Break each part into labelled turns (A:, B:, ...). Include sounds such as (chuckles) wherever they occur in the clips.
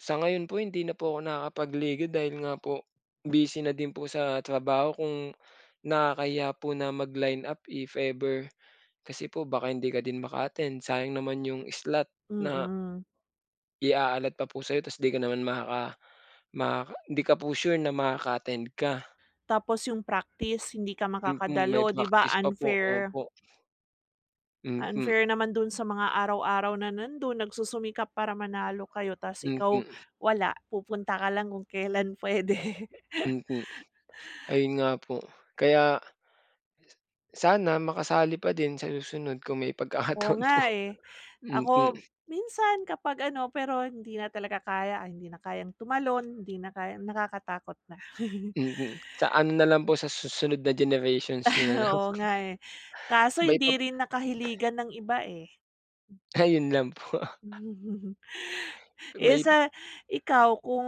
A: Sa ngayon po hindi na po ako nakakapagliga dahil nga po busy na din po sa trabaho kung, nakakahiya po na mag lineup if ever. Kasi po baka hindi ka din maka-attend sayang naman 'yung slot na
B: Mm.
A: I-a-alot pa po sa'yo tas di ka naman maka makaka di ka po sure na makaka-attend ka.
B: Tapos 'yung praktis hindi ka
A: Mm, may
B: makakadalo, 'di ba
A: praktis pa po,
B: unfair.
A: opo. Mhm.
B: Unfair naman dun sa mga araw-araw na nandun, nagsusumikap para manalo kayo ta's ikaw,
A: Mhm.
B: wala pupunta ka lang kung kelan puwede.
A: Mhm. Ayun nga po, kaya sana makasali pa din sa susunod kung may
B: Oo
A: pagkakataon po.
B: nga eh.
A: Mhm.
B: Ako, minsan kapag ano, pero hindi na talaga kaya, hindi na kayang tumalon, hindi na kayang nakakatakot na. (chuckles)
A: Mhm, sa ano na lang po, sa susunod na generations niyo na
B: (chuckles)
A: lang.
B: Oo nga eh. Kaso
A: May
B: hindi
A: pap
B: rin nakahiligan ng iba, eh.
A: Ayun lang po.
B: (chuckles)
A: Kung
B: Eh,
A: may
B: sa ikaw kung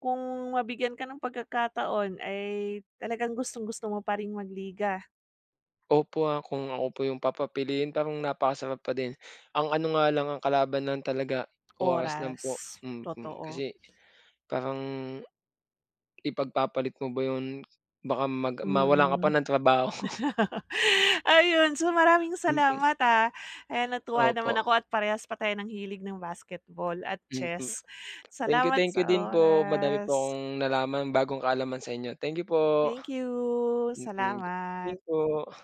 B: kung mabigyan ka ng pagkakataon, ay talagang gustong-gusto mo pa ring mag-liga?
A: Opo, ah, kung ako po 'yung papapiliin parang napakasarap pa din. Ang ano nga lang ang kalaban lang talaga, oras lang po,
B: Oras.
A: mm.
B: Totoo.
A: Kasi, parang, ipag-papalit mo ba 'yun? Baka mag mawalan ka pa
B: Mm.
A: ng trabaho.
B: (laughs) Ayon so maraming
A: Mhm.
B: salamat, ah. Ayan natuwa naman
A: Opo.
B: ako at parehas pa tayo ng hilig ng basketball at
A: Mhm.
B: chess.
A: Thank you,
B: Salamat
A: thank you
B: sa
A: din po. Madami po
B: oras!
A: akong nalaman, bagong kaalaman sa inyo. Thank you po.
B: Thank you!
A: Mhm. Din
B: Salamat.
A: po.